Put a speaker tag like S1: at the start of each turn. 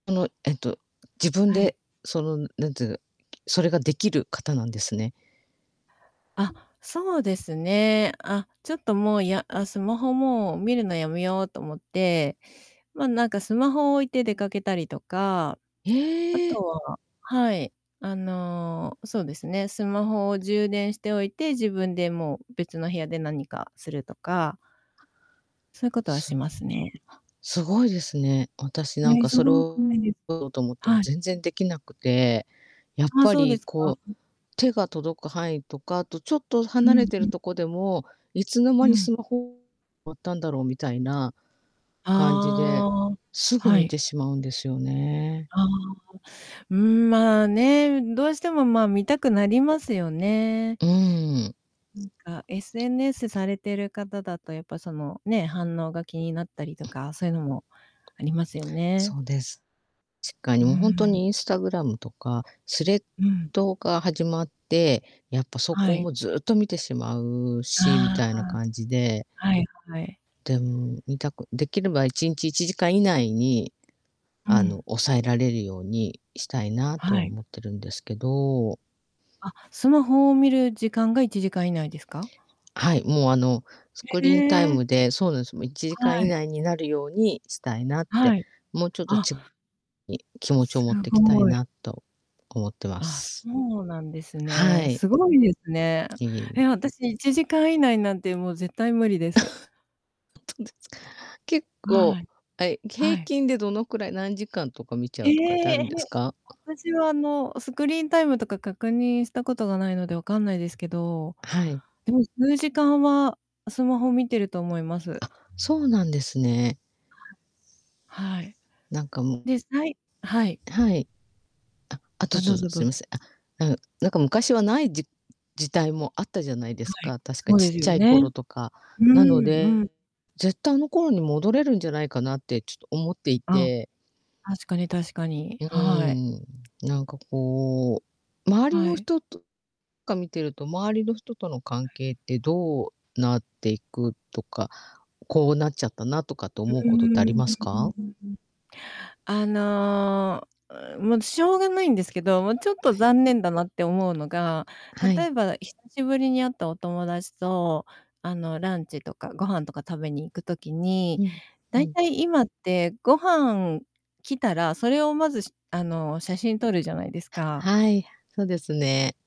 S1: あの、えっと、自分
S2: は
S1: で、
S2: い。
S1: その、何つうの、きそれができる方なんですね。
S2: あ、そうですね。あ、ちょっと、もう、やあ、スマホ、もう、見るのやめようと思って、まあ、なんか、スマホを置いて出かけたりとか、あ
S1: へ
S2: と
S1: え！
S2: ははい。あの、そうですね。スマホを充電しておいて、自分で、もう、別の部屋で何かするとか。そういう事は
S1: す
S2: し
S1: んは、
S2: ますね。
S1: すごいですね。私なん
S2: ね。
S1: か、
S2: そ
S1: それ
S2: う多く
S1: を
S2: ないです。
S1: と思っても
S2: はい。
S1: 全然できなくて、やっ
S2: ああ。
S1: ぱ
S2: そうで
S1: り、
S2: すか。
S1: こう、
S2: うん。
S1: 手が届く範囲とか、あと、ちょっと
S2: う
S1: 離れ
S2: ん
S1: て
S2: う
S1: る
S2: ん。
S1: とこでも、いつの
S2: う
S1: 間にス
S2: ん。
S1: マホ わったんだろうみたいな感じで、
S2: ああ。
S1: すぐ
S2: は
S1: 見
S2: い。
S1: てしまうんですよね。
S2: ああ、うん、うん、まあ、ね。うん。どうしても、まあ、見たくなりますよね。
S1: うん。
S2: うんか、SNS されてる方だと、やっぱ、その、ね、反応が気になったりとか、そういうのもありますよね。
S1: そうです。つっか、
S2: う
S1: い
S2: ー
S1: もう、ほんと
S2: ん。
S1: にインスタグラムとかスレッ
S2: うん。
S1: ドが始まって、やっぱ、そ
S2: は
S1: こ
S2: い。
S1: も、ずっと見てしまうし、み
S2: あ
S1: たい
S2: あ
S1: な感じで
S2: ああ。はい、はい。
S1: でん、見たくできれば1日1時間以内に、
S2: う
S1: あの、
S2: ん。
S1: 抑えられるようにしたいなとは
S2: はい。
S1: 思ってるんですけど。
S2: あ、スマホを見る時間が1時間以内ですか？
S1: はい。もう、あの、スク
S2: へ
S1: リーンタイ
S2: え。
S1: ムでそうなんすよ。もう、1時間
S2: は
S1: 以
S2: い。
S1: 内になるようにしたいなっ
S2: は
S1: て、
S2: い。
S1: もう、ちょっと、
S2: あ
S1: ち に、気持ちを
S2: す
S1: 持っていきたい
S2: ごい。
S1: なと思ってま
S2: ああ。そ
S1: す。
S2: うなんです
S1: は
S2: ね。
S1: い。
S2: すごいですね。
S1: いえいえ。
S2: え、私1時間以内なんて、もう、絶対無理です。
S1: ほんとですか。結構、
S2: はい。
S1: あい、
S2: は
S1: 平
S2: い。
S1: 均でどのくらい、何時間とか見
S2: ええ！
S1: ちゃうとかってあるんです か？
S2: 私は、あの、スクリーンタイムとか確認したことがないので、わかんないですけど。
S1: はい。
S2: でも、数時間はスマホ見てると思います。
S1: あ、そうなんですね。
S2: はい。
S1: なんか、もう
S2: で、さいはい。
S1: はい。あ、あと、
S2: あ。のう
S1: ず
S2: ぞ、ど
S1: すい
S2: う
S1: ま
S2: ぞ。
S1: せん。あうん、なんか昔はない、じじたいもあったじゃないで
S2: は
S1: す
S2: い。
S1: か。確か
S2: そう
S1: ちっ
S2: です
S1: ち
S2: よ
S1: ゃい
S2: ね。
S1: 頃とか。
S2: うー
S1: なの
S2: ん、う
S1: で、
S2: ん。
S1: ぜった、あの頃に戻れるんじゃないかなって、ちと思ってい
S2: あ、
S1: て。
S2: お確かに確かに。
S1: うう
S2: はい。
S1: ーん。なんか、こう、周り
S2: は
S1: の
S2: い。
S1: 人とか見てると、周りの人との関
S2: はい。
S1: 係ってどうなっていくとか、こう、なっちゃったなとかって
S2: うう
S1: 思う
S2: ー
S1: ことってあり
S2: ん。
S1: ますか？
S2: あの、うん、もう、しょうがないんですけど、もう、ちょっと
S1: はい。
S2: 残念だなって思うのが、
S1: はい。
S2: 例えば、久しぶりに会ったお友達と、あの、ランチとかご飯とか食べに行く時に、
S1: うん、
S2: だ
S1: う
S2: い
S1: ん。
S2: たい今ってご飯、来たら、それを、まず、しあの、写真撮るじゃないですか。
S1: はい。そうですね。